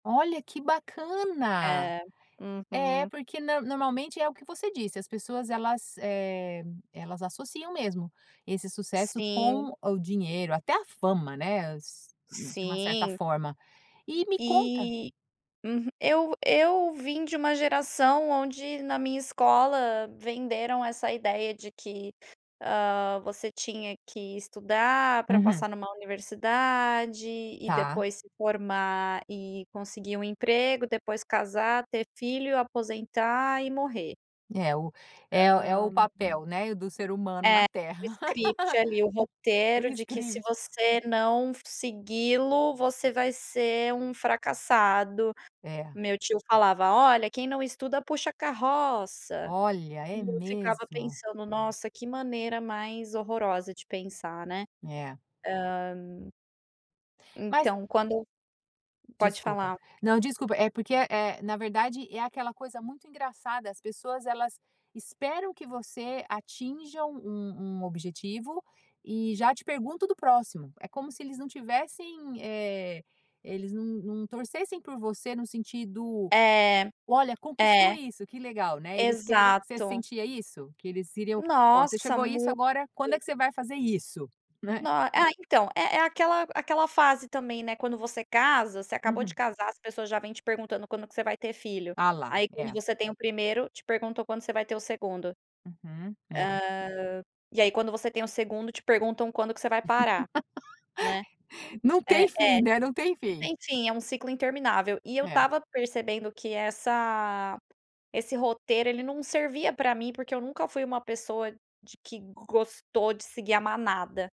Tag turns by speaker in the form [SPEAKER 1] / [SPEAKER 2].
[SPEAKER 1] Olha, que bacana!
[SPEAKER 2] É,
[SPEAKER 1] É,
[SPEAKER 2] uhum.
[SPEAKER 1] porque nã normalmente, é o que você disse, as pessoas elas, eh, elas associam mesmo, esse sucesso
[SPEAKER 2] Sim.
[SPEAKER 1] com o dinheiro, até a fama, né, s de uma certa
[SPEAKER 2] Sim.
[SPEAKER 1] forma. E me conta
[SPEAKER 2] E uhu eu eu vim de uma geração onde, na minha escola venderam essa ideia de que, hã, você tinha que estudar pra
[SPEAKER 1] Uhum.
[SPEAKER 2] passar numa universidade e
[SPEAKER 1] Ta.
[SPEAKER 2] depois se formar e conseguir um emprego, depois casar, ter filho, aposentar e morrer.
[SPEAKER 1] É o
[SPEAKER 2] Hã.
[SPEAKER 1] é o é o papel, né, do ser humano na
[SPEAKER 2] É, o
[SPEAKER 1] Terra.
[SPEAKER 2] script ali, o
[SPEAKER 1] O
[SPEAKER 2] roteiro de que se
[SPEAKER 1] script.
[SPEAKER 2] você não segui-lo, você vai ser um fracassado
[SPEAKER 1] É.
[SPEAKER 2] meu tio falava: "Olha, quem não estuda puxa carroça.".
[SPEAKER 1] Olha,
[SPEAKER 2] E
[SPEAKER 1] é
[SPEAKER 2] eu ficava
[SPEAKER 1] mesmo.
[SPEAKER 2] pensando: "Nossa, que maneira mais horrorosa de pensar", né.
[SPEAKER 1] É.
[SPEAKER 2] Hã
[SPEAKER 1] Mas
[SPEAKER 2] então quando pode
[SPEAKER 1] Desculpa.
[SPEAKER 2] falar.
[SPEAKER 1] Não, desculpa, é porque é é, na verdade, é aquela coisa muito engraçada, as pessoas elas esperam que você atinja um um objetivo e já te pergunto do próximo. É como se eles não tivessem, eh, eles não não torcessem por você no sentido:
[SPEAKER 2] É,
[SPEAKER 1] "Olha, conquistou
[SPEAKER 2] é.
[SPEAKER 1] isso. Que legal", né, eles querem você
[SPEAKER 2] Exato.
[SPEAKER 1] sentia isso? Que eles queriam: "Ó, você
[SPEAKER 2] Nossa,
[SPEAKER 1] chegou isso
[SPEAKER 2] muito.
[SPEAKER 1] agora, quando é que você vai fazer isso?", né.
[SPEAKER 2] No ah, então, é é aquela aquela fase também, né, quando você casa você acabou de
[SPEAKER 1] Uhum.
[SPEAKER 2] casar, as pessoas já vêm te perguntando quando que você vai ter filho.
[SPEAKER 1] Ah, lá,
[SPEAKER 2] Aí quando
[SPEAKER 1] é.
[SPEAKER 2] você tem o 1º, te perguntam quando você vai ter o 2º. Hã,
[SPEAKER 1] Uhum, é.
[SPEAKER 2] e aí quando você tem o 2º. te perguntam quando que você vai parar, né.
[SPEAKER 1] Não
[SPEAKER 2] É é.
[SPEAKER 1] tem fim, né, não tem
[SPEAKER 2] Não
[SPEAKER 1] fim.
[SPEAKER 2] tem fim, é um ciclo interminável. E eu
[SPEAKER 1] É.
[SPEAKER 2] estava percebendo que essa esse roteiro, ele não servia pra mim porque eu nunca fui uma pessoa de que gostou de seguir a manada.